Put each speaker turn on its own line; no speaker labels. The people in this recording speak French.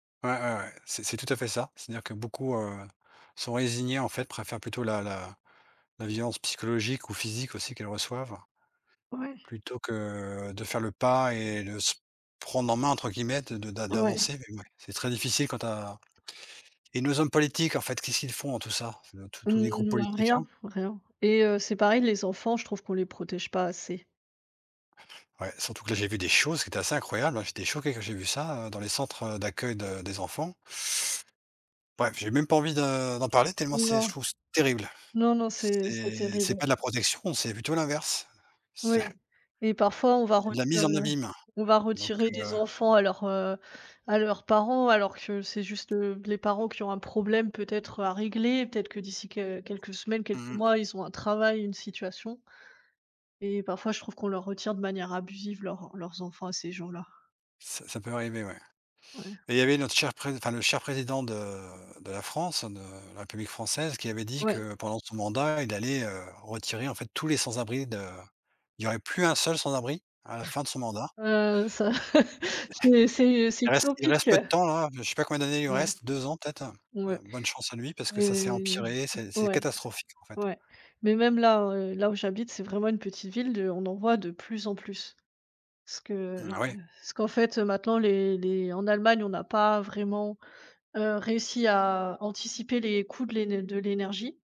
Ouais, ouais, ouais, c'est c'est tout à fait ça. C'est-à-dire que beaucoup, heu, sont résignées, en fait, préfèrent plutôt la la la violence psychologique ou physique, aussi, qu'elles reçoivent
Ouais.
plutôt que, de faire le pas et le se prendre en main, entre guillemets, de de d'a
Ouais.
d'avancer mais ouais, c'est très difficile quand tu as et nos hommes politiques, en fait, qu'est-ce qu'ils font en tout ça, heu, tous tous les groupes
Mmh, bah,
politiques,
rien,
hein?
rien et heu, c'est pareil les enfants, je trouve qu'on les protège pas assez.
Ouais, surtout que là, j'ai vu des choses qui étaient assez incroyables, hein. J'étais choqué quand j'ai vu ça, heu, dans les centres, heu, d'accueil de des enfants. Bref, j'ai même pas envie de d'en parler tellement c'est je
Non,
trouve ça terrible.
non, non, c'est c'est
C'est
terrible,
c'est
ouais.
pas de la protection, c'est plutôt l'inverse. C'est
Ouais et parfois on va
c'est de la
reti heu,
mise en abîme,
on va
donc
retirer
heu
des enfants à leurs, heu à leurs parents alors que c'est juste, heu, les parents qui ont un problème peut-être à régler, peut-être que d'ici qu quelques semaines, quelques
Mmh mh.
mois, ils ont un travail, une situation et parfois je trouve qu'on leur retire, de manière abusive, leurs leurs enfants à ces gens-là.
Ça ça peut arriver, ouais.
Ouais.
Mais, il y avait notre cher Pré enfin, le cher Président de de la France, de la République française, qui avait dit
Ouais.
que pendant son mandat, il allait, heu, retirer, en fait, tous les sans-abris de il y aurait plus un seul sans-abri à la fin de son mandat.
Heu, ça. C'est c'est c'est
Il reste il
utopique,
reste peu de
heu.
temps, hein, je sais pas combien d'années il lui
Ouais.
reste, 2 ans peut-être. Heu,
Ouais.
bonne chance à lui parce que ça s'est
Heu.
empiré, c'est c'est
Ouais.
catastrophique, en fait.
Ouais, mais même, là, heu, là où j'habite, c'est vraiment une petite ville de on en voit de plus en plus. Ce
Mmh,
que
ah, ouais.
ce qu'en fait maintenant, les les en Allemagne, on n'a pas vraiment, heu, réussi à anticiper les coûts de l'én de l'énergie.